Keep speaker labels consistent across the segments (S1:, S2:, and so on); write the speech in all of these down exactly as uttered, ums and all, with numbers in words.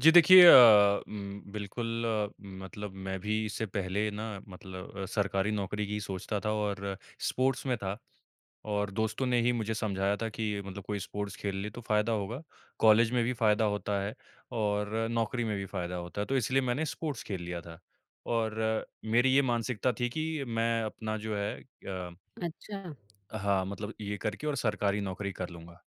S1: जी, देखिए अ, उम, बिल्कुल मतलब मैं भी इससे पहले ना मतलब सरकारी नौकरी की सोचता था और स्पोर्ट्स में था। और दोस्तों ने ही मुझे समझाया था कि मतलब कोई स्पोर्ट्स खेल ले तो फ़ायदा होगा, कॉलेज में भी फ़ायदा होता है और नौकरी में भी फ़ायदा होता है, तो इसलिए मैंने स्पोर्ट्स खेल लिया था। और मेरी ये मानसिकता थी कि मैं अपना जो है अ,
S2: अच्छा।
S1: हाँ, मतलब ये करके और सरकारी नौकरी कर लूँगा।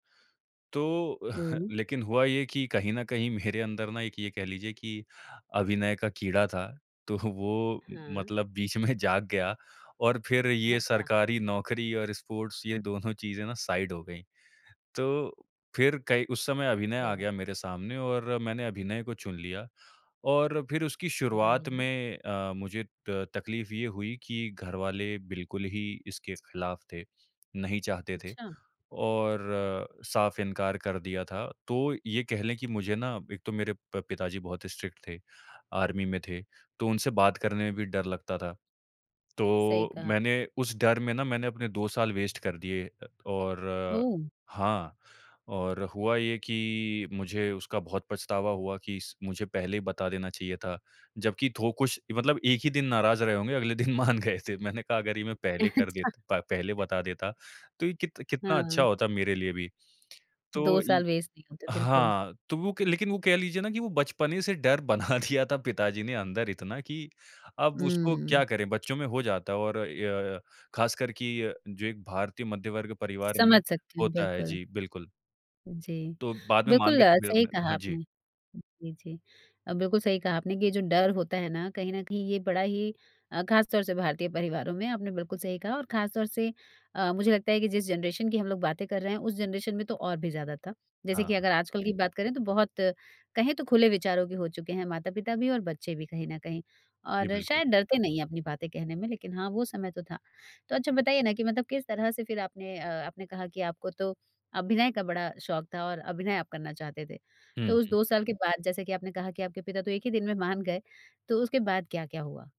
S1: तो
S2: ओह!
S1: लेकिन हुआ ये कि कहीं न कहीं मेरे अंदर ना एक ये कह लीजिए कि अभिनय का कीड़ा था, तो वो म
S2: हाँ।
S1: मतलब बीच में जाग गया और फिर ये
S2: अच्छा।
S1: सरकारी नौकरी और स्पोर्ट्स ये दोनों चीज़ें ना साइड हो गईं। तो फिर कई उस समय अभिनय
S2: अरे
S1: आ
S2: वाह!
S1: गया मेरे सामने और मैंने अभिनय को चुन लिया और फिर उसकी शुरुआत
S2: बढ़िया।
S1: में अ, मुझे त तकलीफ़ ये हुई कि घरवाले बिल्कुल ही इसके ख़िलाफ़ थे, नहीं चाहते थे
S2: अच्छा।
S1: और साफ़ इनकार कर दिया था। तो ये कह लें कि मुझे ना एक तो मेरे प पिताजी बहुत स्ट्रिक्ट थे, आर्मी में थे, तो उनसे बात करने में भी डर लगता था।
S2: सही
S1: तो
S2: कहा।
S1: मैंने उस डर में ना मैंने अपने दो साल वेस्ट कर दिए। अ, और
S2: ओह!
S1: हाँ, और हुआ ये कि मुझे उसका बहुत पछतावा हुआ कि इस मुझे पहले ही बता देना चाहिए था। जबकि थो कुछ मतलब एक ही दिन नाराज़ रहे होंगे, अगले दिन मान गए थे। मैंने कहा, अगर ये मैं पहले कर दे
S2: अच्छा।
S1: प पहले बता देता, तो ये कित कितना अच्छा
S2: हाँ।
S1: होता मेरे लिए भी। तो
S2: दो
S1: ये
S2: साल वेस्ट नहीं होते बिल्कुल।
S1: हाँ, तो वो क लेकिन वो कह लीजिए ना कि वो बचपने से डर बना दिया था पिताजी ने अंदर इतना कि अब उसको क्या
S2: उम
S1: करें, बच्चों में हो जाता है और य ख़ासकर कि जो एक भारतीय मध्य वर्ग परिवार में
S2: समझ सकती हूँ,
S1: होता है।
S2: बिल्कुल।
S1: जी, बिल्कुल।
S2: जी।
S1: तो बाद में मान
S2: बिल्कुल अ,
S1: गए मेरा
S2: सही
S1: मैं
S2: कहा
S1: हाँ जी।
S2: आपने। जी, जी अ, बिल्कुल सही कहा आपने कि ये जो डर होता है ना कहीं न कहीं ये बड़ा ही अ, ख़ास तौर से भारतीय परिवारों में आपने बिल्कुल सही कहा और ख़ास तौर से अ, मुझे लगता है कि जिस जनरेशन की हम लोग बातें कर रहे हैं, उस जनरेशन में तो और भी ज़्यादा था। जैसे कि
S1: हाँ।
S2: अगर आजकल की बात करें तो बहुत कहें तो खुले विचारों के हो चुके हैं माता-पिता भी और बच्चे भी कहीं न कहीं।
S1: जी,
S2: और
S1: बिल्कुल।
S2: शायद डरते नहीं हैं अपनी बातें कहने में, लेकिन हाँ, वो समय तो था। तो अच्छा बताइए ना कि मतलब किस तरह से फिर आपने अ, आपने कहा कि आपको तो अभिनय का बड़ा शौक़ था और अभिनय आप करना चाहते थे,
S1: हुँ,
S2: तो उस
S1: हुँ।
S2: दो साल के बाद जैसे कि आपने कहा कि आपके पिता तो एक ही दिन में मान गए तो उसके बाद क्या-क्या हुआ?